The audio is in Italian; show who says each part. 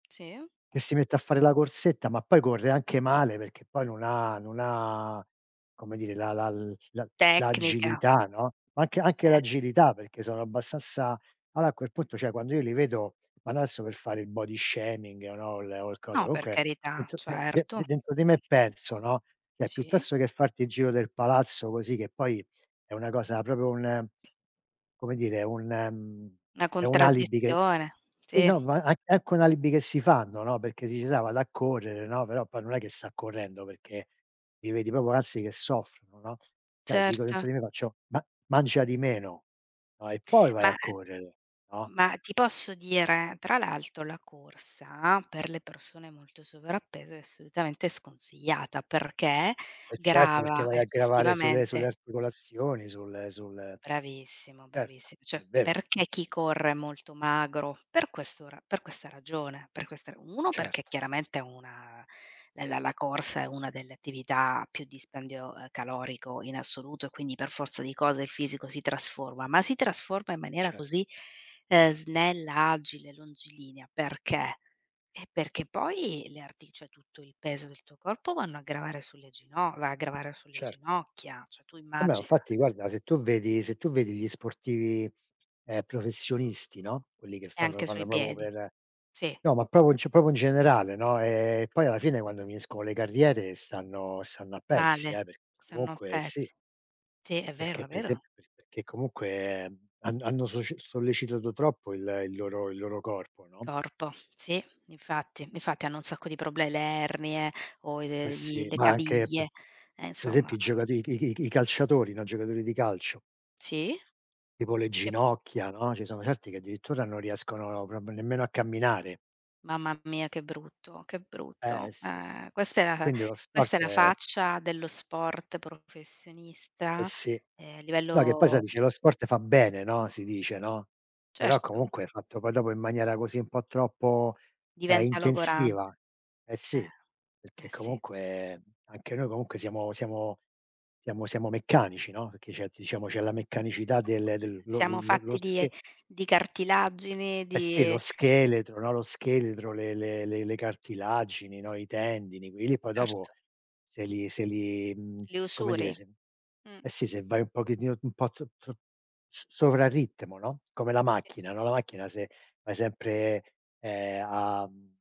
Speaker 1: Sì.
Speaker 2: Che si mette a fare la corsetta, ma poi corre anche male, perché poi non ha, non ha, come dire, la la la
Speaker 1: Tecnica.
Speaker 2: l'agilità, no, anche anche
Speaker 1: Eh.
Speaker 2: l'agilità, perché sono abbastanza Ala a quel punto, cioè, quando io li vedo, ma no adesso per fare il body shaming o no o l cosa,
Speaker 1: No, per
Speaker 2: comunque
Speaker 1: carità,
Speaker 2: dentro de de
Speaker 1: certo.
Speaker 2: de dentro di me
Speaker 1: Mh-mh.
Speaker 2: penso, no, cioè,
Speaker 1: Sì.
Speaker 2: piuttosto che farti il giro del palazzo così, che poi è una cosa proprio, un come dire, un, ehm,
Speaker 1: Na
Speaker 2: è un alibi che
Speaker 1: contraddizione,
Speaker 2: che,
Speaker 1: sì.
Speaker 2: no, ma an anche un alibi che si fanno, no, perché dici: “Sai, vado a correre!”, no, però poi non è che sta correndo, perché li vedi proprio, anzi, che soffrono, no, cioè, dico,
Speaker 1: Certo.
Speaker 2: dentro di me faccio: “Ma mangia di meno, no? E poi vai a
Speaker 1: Ma
Speaker 2: correre, no?”.
Speaker 1: ma ti posso dire? Tra l'altro la corsa, per le persone molto sovrappeso è assolutamente sconsigliata, perché
Speaker 2: Eh certo, perché
Speaker 1: grava
Speaker 2: vai a gravare sulle sulle
Speaker 1: eccessivamente
Speaker 2: articolazioni, sul sul
Speaker 1: Bravissimo,
Speaker 2: Certo,
Speaker 1: bravissi
Speaker 2: è
Speaker 1: cioè,
Speaker 2: vero.
Speaker 1: perché chi corre è molto magro? Per questo ra per questa ragione, per questa ra 1, perché
Speaker 2: Certo.
Speaker 1: chiaramente una la la corsa è una delle attività a più dispendio, ehm, calorico in assoluto, e quindi per forza di cose il fisico si trasforma, ma si trasforma in maniera
Speaker 2: Cer
Speaker 1: così, ehm, snella, agile, longilinea. Perché? Eh, perché poi le arti cioè, tutto il peso del tuo corpo vanno a gravare sulle gino va a gravare sulle
Speaker 2: Cer
Speaker 1: ginocchia, cioè, tu
Speaker 2: Vabbè, ma
Speaker 1: immagina.
Speaker 2: infatti, guarda, se tu vedi se tu vedi gli sportivi, ehm, professionisti, no, quelli che
Speaker 1: E
Speaker 2: fanno lo
Speaker 1: anche
Speaker 2: fanno
Speaker 1: sui
Speaker 2: proprio
Speaker 1: piedi,
Speaker 2: per
Speaker 1: sì.
Speaker 2: no, ma proprio, cioè, proprio in generale, no, ehm, poi alla fine, quando finiscono le carriere, stanno stanno a pezzi,
Speaker 1: Male,
Speaker 2: eh, perché
Speaker 1: se non
Speaker 2: comunque sì.
Speaker 1: pezzo. Sì, è vero,
Speaker 2: Perché
Speaker 1: è
Speaker 2: per
Speaker 1: vero.
Speaker 2: esempio, per perché comunque han hanno soce sollecitato troppo il il loro il loro corpo, no?
Speaker 1: Corpo, sì, infatti. Infatti hanno un sacco di proble le ernie o
Speaker 2: Eh
Speaker 1: le i
Speaker 2: sì.
Speaker 1: le
Speaker 2: Ma anche p
Speaker 1: caviglie. Eh
Speaker 2: per
Speaker 1: insomma.
Speaker 2: esempio i giocati i c i c i c i calciatori, no, i giocatori di calcio.
Speaker 1: Sì.
Speaker 2: Tipo le
Speaker 1: E
Speaker 2: ginocchia, no, ci sono certi che addirittura non riescono proprio nemmeno a camminare.
Speaker 1: Mamma mia che brutto, che
Speaker 2: Eh
Speaker 1: brutto.
Speaker 2: eh sì.
Speaker 1: Eh, questa,
Speaker 2: Quindi lo
Speaker 1: questa è
Speaker 2: sport
Speaker 1: la
Speaker 2: è
Speaker 1: faccia dello sport
Speaker 2: Eh
Speaker 1: professionista,
Speaker 2: sì.
Speaker 1: ehm,
Speaker 2: No, che poi sai,
Speaker 1: livello
Speaker 2: dice: “Lo sport fa bene,” no, si dice, no, però
Speaker 1: Certo.
Speaker 2: comunque fatto poi dopo in maniera così un po' troppo, ehm,
Speaker 1: Diventa logorante.
Speaker 2: intensiva. Eh
Speaker 1: Eh,
Speaker 2: sì, perché
Speaker 1: eh, sì.
Speaker 2: comunque, anche noi comunque siamo siamo siamo siamo meccanici, no, perché c'è, diciamo, c'è la meccanicità del del
Speaker 1: [unintelligible]
Speaker 2: lo
Speaker 1: Siamo
Speaker 2: lo lo
Speaker 1: fatti di,
Speaker 2: sche
Speaker 1: di cartilagini,
Speaker 2: Eh sì, lo
Speaker 1: di
Speaker 2: scheletro, no, lo scheletro, le le le le cartilagini, no, i tendini, quei li poi dopo
Speaker 1: Erto.
Speaker 2: se li se li, mhmm,
Speaker 1: Le
Speaker 2: come dire,
Speaker 1: usuri.
Speaker 2: se
Speaker 1: Mh.
Speaker 2: Eh sì, se vai un pochettino un po' tro tro s sovra-ritmo, no, come la
Speaker 1: Sì.
Speaker 2: macchina, no, la macchina se vai sempre, ehm, a, mhmm